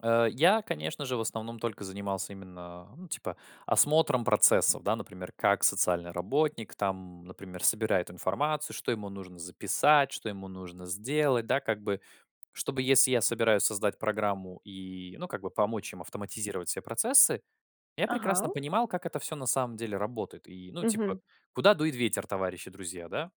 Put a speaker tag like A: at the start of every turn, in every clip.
A: Э, я, конечно же, в основном только занимался именно, ну, типа, осмотром процессов, да. Например, как социальный работник там, например, собирает информацию, что ему нужно записать, что ему нужно сделать. Да, как бы, чтобы, если я собираюсь создать программу и, ну, как бы помочь им автоматизировать все процессы я прекрасно
B: Ага.
A: понимал, как это всё на самом деле работает. И, ну, типа,
B: Мгм.
A: куда дует ветер, товарищи друзья, да?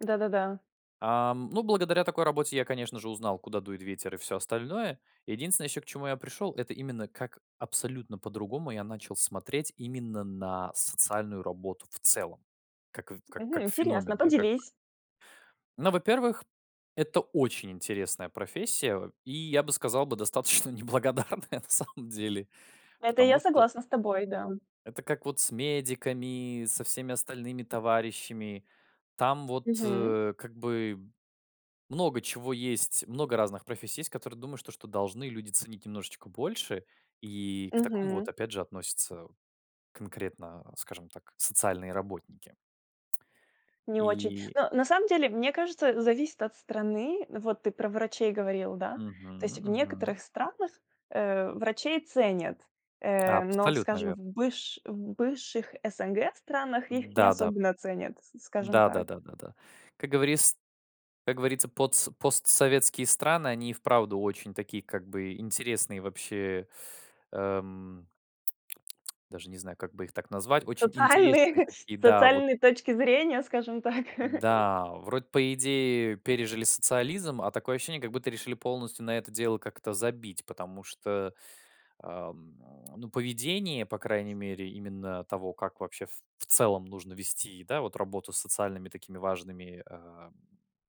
B: Да-да-да.
A: Ам, ну, благодаря такой работе я, конечно же, узнал, куда дует ветер и всё остальное. Единственное, еще к чему я пришел- это именно как абсолютно по-другому я начал смотреть именно на социальную работу в целом. Как в ка
B: Мгм.
A: как
B: Интересно, а
A: феномен, да, как бы.
B: поделись.
A: Но, во-первых, это очень интересная профессия. И я бы сказал бы достаточно неблагодарная на самом деле.
B: Это я
A: Потому что
B: согласна с тобой, да.
A: это как вот с медиками, со всеми остальными товарищами. Там вот,
B: Мгм.
A: э, как бы много чего есть, много разных профессий есть, которые думаешь то, что должны люди ценить немножечко больше. И к такому
B: Мгм.
A: вот опять же относятся конкретно, скажем так, социальные работники.
B: Не очень.
A: И
B: Ну, на самом деле, мне кажется, зависит от страны. Вот ты про врачей говорил, да. То есть
A: Мгм,
B: в
A: мгм.
B: некоторых странах, э, врачей ценят, э, но,
A: Абсолютно
B: скажем,
A: верно.
B: в быш в бывших СНГ странах их не
A: Да-да,
B: особенно ценят, с скажем
A: да, да,
B: так.
A: да, да, да. Как говорис как говорится, потс постсоветские страны, они и вправду очень такие, как бы, интересные, вообще. Эм, даже не знаю, как бы их так назвать, очень интересные
B: Социальные
A: такие, да, вот.
B: социальные точки зрения, скажем так.
A: Да, вроде по идее пережили социализм, а такое ощущение, как будто решили полностью на это дело как-то забить, потому что, ам, ну, поведение, по крайней мере именно того, как, вообще, в в целом нужно вести, да, вот, вот работу с социальными такими важными, а,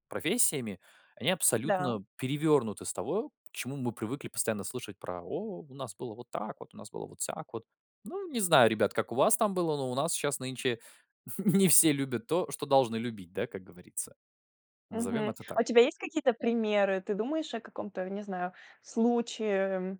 A: профессиями, они
B: Да.
A: абсолютно перевернуты с того, чему мы привыкли постоянно слышать про: "О, у нас было вот так вот, у нас было вот сяк вот". Ну, не знаю, ребят, как у вас там было, но у нас щас нынче не все любят то, что должны любить, да, как говорится. Назовём
B: Мгм.
A: это
B: А у
A: так.
B: тебя есть какие-то примеры, ты думаешь о каком-то, не знаю, случае? М.